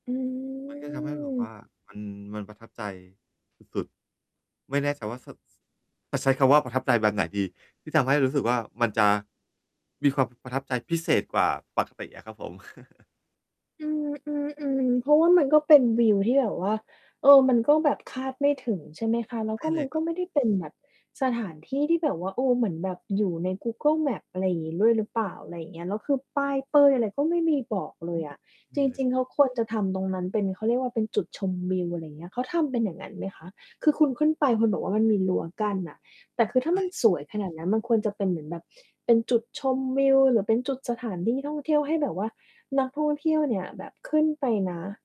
อืมันก็ทำให้แบบม ว่ามัน มันประทับใจสุด ๆ ไม่แน่ใจว่าสุด จะใช้คำว่าประทับใจแบบไหนดี? ที่ทำให้รู้สึกว่า มันจะมีความประทับใจพิเศษกว่าปกติอะครับผม อือ อือ ๆ เพราะว่ามันก็เป็นวิวที่แบบว่า เออ มันก็แบบคาดไม่ถึง ใช่ไหมคะ แล้ใวช่ก็เลมัยนครกั็บ ไม่ได้เป็นแบบสถานที่ที่แบบว่า เออ เหมือนแบบอยู่ใน Google Maps อะไรอย่างงี้ ด้วย หรือเปล่า อะไรเงี้ย แล้วคือป้ายเป้ย อะไรก็ไม่มีบอกเลอืยอ อะ จนี่เลย ริง ๆ แล้วควรจะทำตรงนั้นเป็น เขาเรียกว่า เป็นจุดชมวิว อะไรเงี้ย เขาทำเป็นอย่างงั้นไหมคะ? คือคุณขึ้นไปคุณบอกว่ามันมีรั้วกั้นน่ะ แต่คือถ้ใาชมัน่ สวยขนาดนั้น มันควรจะเป็นเหมือนแบบเป็นจุดชมวิว หรือเป็นจุดสถานที่ท่องเที่ยว ให้แบบว่า นักท่องเที่ยวเนี่ยแบบขึ้นไปนะ